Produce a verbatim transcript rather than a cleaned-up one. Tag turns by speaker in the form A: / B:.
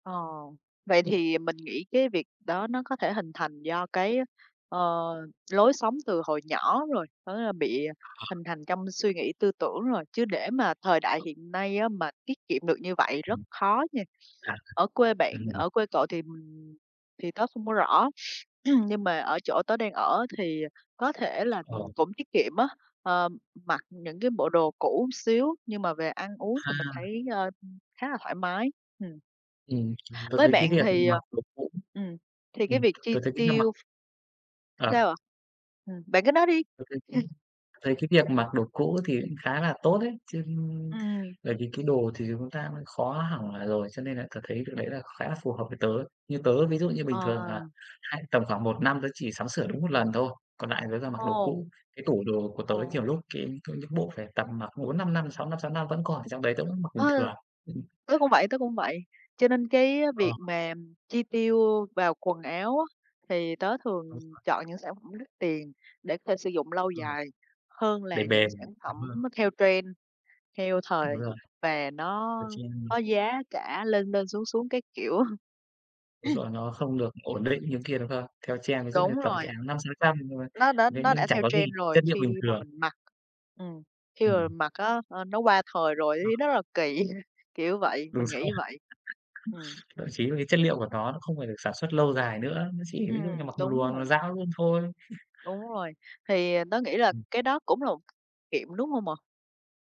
A: Ờ, vậy thì mình nghĩ cái việc đó nó có thể hình thành do cái, ờ, lối sống từ hồi nhỏ rồi, có nghĩa là bị hình
B: À.
A: thành trong suy nghĩ tư tưởng rồi, chứ để mà thời đại hiện nay á mà tiết kiệm được như vậy rất khó nha.
B: À.
A: Ở quê bạn
B: Ừm.
A: ở quê cậu thì, ừm, thì tớ không có rõ, nhưng mà ở chỗ tớ đang ở á thì có thể là, ừm,
B: Ờ.
A: cũng tiết kiệm á, ờ, mặc những cái bộ đồ cũ một xíu nhưng mà về ăn uống thì mình
B: Ha.
A: thấy, ờ, khá là thoải mái. Ừm.
B: Ừm, tớ
A: Với
B: thấy
A: bạn
B: cái việc
A: thì,
B: mà,
A: ờ
B: kiểu, cũng
A: ừm, thì cái
B: ừm,
A: việc chi
B: tớ thấy cách ăn mặc
A: tiêu Sao
B: À.
A: ạ? Ừm, bạn cứ nói đi.
B: Tớ thấy cũng tớ thấy cái việc mặc đồ cũ thì cũng khá là tốt đấy chứ,
A: Ừm.
B: bởi vì cái đồ thì chúng ta cũng khó hỏng, à, rồi, cho nên là tớ thấy cái đấy là khá là phù hợp với tớ ấy. Như tớ ví dụ như bình thường là
A: Ờ.
B: hay tầm khoảng một năm tớ chỉ sắm sửa đúng một lần thôi, còn lại là tớ toàn mặc đồ
A: Ồ.
B: cũ. Cái tủ đồ của tớ
A: Ờ.
B: nhiều lúc cái có những bộ phải tầm mặc bốn, năm năm, sáu năm sáu năm vẫn còn ở trong đấy, tớ vẫn mặc bình
A: Ừ,
B: thường. Ừm.
A: tớ cũng vậy, tớ cũng vậy. Cho nên cái
B: Ờ.
A: việc mà, ừm, chi tiêu vào quần áo á, thì tớ
B: Đúng
A: thường
B: rồi.
A: chọn những sản phẩm đắt tiền để có thể sử dụng lâu
B: Ừm.
A: dài hơn
B: Để
A: là những
B: bền,
A: sản phẩm
B: đúng không?
A: nó theo trend, theo thời
B: Đúng rồi.
A: và nó
B: Ờ, trend
A: có
B: này.
A: giá cả lên lên xuống xuống các kiểu.
B: Đúng rồi, nó không được ổn định như kia, đúng không? Theo trend ví dụ
A: Đúng
B: như tầm
A: rồi.
B: cái áo năm sáu trăm nhưng mà
A: Nó đã
B: thế
A: nó
B: nhưng
A: đã
B: chẳng
A: theo
B: có gì,
A: trend rồi
B: chất liệu bình
A: khi mà
B: thường.
A: mình mặc ừm, khi mà
B: Ừm.
A: mình mặc á, à, nó qua thời rồi ấy
B: Ờ.
A: thấy rất là kỳ, kiểu vậy,
B: Đúng
A: mình nghĩ
B: rồi.
A: như vậy. Ừm.
B: Thậm chí là cái chất liệu của nó nó không phải được sản xuất lâu dài nữa, nó chỉ
A: Ừm,
B: ví dụ như mặc một
A: đúng
B: lùa là nó
A: rồi.
B: dão luôn thôi.
A: Đúng rồi. Thì, ờ, tớ nghĩ là
B: Ừm.
A: cái đó cũng là một kiệm, đúng hông ạ?